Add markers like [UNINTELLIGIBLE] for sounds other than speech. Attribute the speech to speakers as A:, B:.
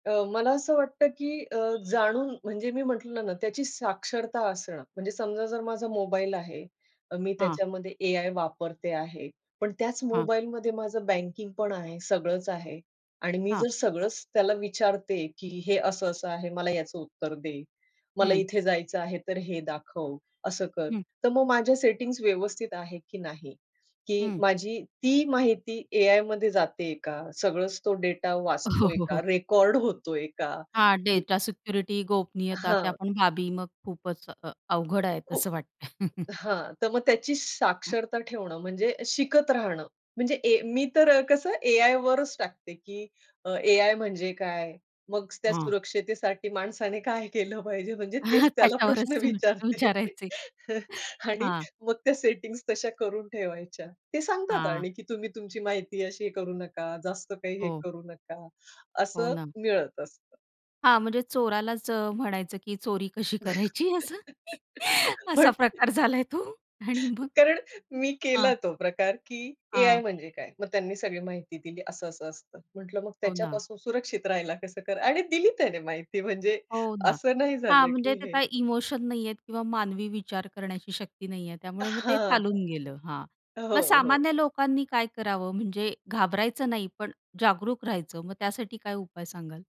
A: अ, मला असं वाटतं, की अ, जाणून म्हणजे मी म्हंटलं ना, त्याची साक्षरता असणं म्हणजे समजा जर माझा मोबाईल आहे, अ, मी
B: हां.
A: त्याच्यामध्ये एआय वापरते आहे. पण त्याच
B: हां.
A: मोबाईलमध्ये माझं बँकिंग पण आहे, सगळंच आहे आणि मी
B: हां.
A: जर सगळंच त्याला विचारते, की हे असं असं आहे. मला याचं उत्तर दे. मला
B: हं.
A: इथे जायचं आहे, तर हे दाखव. असं कर.
B: हं.
A: तर मग माझ्या सेटिंग्ज व्यवस्थित आहेत, की नाही? की
B: हं.
A: माझी ती माहिती एआयमध्ये जातेय का? सगळंच तो डेटा
B: अ, हो,
A: वाचतोय
B: हो,
A: का?
B: हो.
A: रेकॉर्ड होतोय का?
B: हां.
A: की
B: डेटा सिक्युरिटी, गोपनीयता त्या
A: हां.
B: पण बाबी मग खूपच अ अवघड आहे
A: खू
B: असं वाटतंय. [CHUCKLES]
A: हां, तर मग त्याची साक्षरता ठेवणं म्हणजे शिकत राहणं, म्हणजे ए मी तर कसं एआयवरच टाकते, की अ, एआय म्हणजे काय? मग त्या
B: हां.
A: सुरक्षतेसाठी माणसाने काय केलं पाहिजे? म्हणजे तेच
B: [CHUCKLES]
A: त्याला
B: त्याच्यावरच
A: प्रश्न
B: तुम्ही [UNINTELLIGIBLE]
A: विचारते.
B: विचारायचे.
A: आणि
B: हां.
A: मग त्या सेटिंग्स तशा करून ठेवायच्या. ते सांगतात
B: हां.
A: आणि तुम्ही तुमची माहिती अशी करू नका, जास्त काही हे
B: हो.
A: करू नका.
B: हो
A: असं
B: ना.
A: मिळत असतं.
B: हां. म्हणजे चोरालाच अ, म्हणायचं की चोरी कशी करायची असं?
A: [LAUGHS]
B: असा
A: पण
B: प्रकार झालाय तो. आणि मग?
A: कारण मी
B: हां.
A: केला तो प्रकार, की एआय
B: हां.
A: म्हणजे काय? मग त्यांनी सगळी माहिती दिली. असं-असं असतं. म्हंटलं मग
B: हो ना.
A: त्याच्यापासून सुरक्षित राहायला कसं करा आणि दिली त्याने माहिती म्हणजे
B: हो ना.
A: असं नाही
B: हां.
A: झालं
B: म्हणजे
A: की
B: ते
A: हे.
B: काय इमोशन नाहीये किंवा मानवी विचार करण्याची शक्ती नाहीये. त्यामुळे मग ते
A: हां,
B: चालून गेलं. हां.
A: हां.
B: मग
A: हो, हो.
B: सामान्य लोकांनी काय करावं म्हणजे घाबरायचं नाही, पण जागरूक राहायचं. मग त्यासाठी काय उपाय सांगाल?